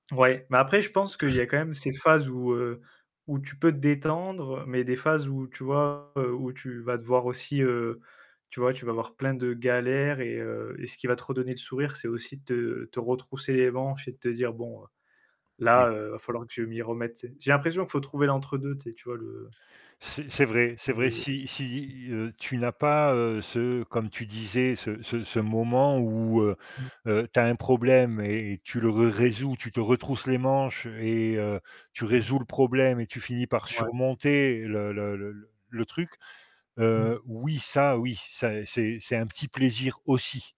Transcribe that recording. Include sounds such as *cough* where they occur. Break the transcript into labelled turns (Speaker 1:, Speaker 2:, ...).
Speaker 1: Ouais, mais après je pense qu'il y
Speaker 2: *clears throat*
Speaker 1: a quand même ces phases où, heu, où tu peux te détendre mais des phases où, tu vois, heu, où tu vas devoir aussi, heu, tu vois, tu vas avoir plein de galères et heu, et ce qui va te redonner le sourire, c'est aussi de te te retrousser les manches et de te dire: «Bon, heu,
Speaker 2: Oui.
Speaker 1: là, heu, va falloir que je m'y remette», tu sais? J'ai l'impression qu'il faut trouver l'entre deux, tu sais, tu vois, le
Speaker 2: C'est c'est vrai c'est vrai
Speaker 1: le
Speaker 2: si si, heu, tu n'as pas, heu, ce comme tu disais, ce ce ce moment où, heu,
Speaker 1: Mmh.
Speaker 2: heu, tu as un problème et tu le résous, tu te retrousses les manches et heu, tu
Speaker 1: Mmh
Speaker 2: résous
Speaker 1: mh.
Speaker 2: le problème et tu finis par
Speaker 1: Ouais.
Speaker 2: surmonter le le le le le truc,
Speaker 1: Mmh
Speaker 2: heu,
Speaker 1: mh.
Speaker 2: oui, ça, oui, ça c'est c'est un petit plaisir aussi.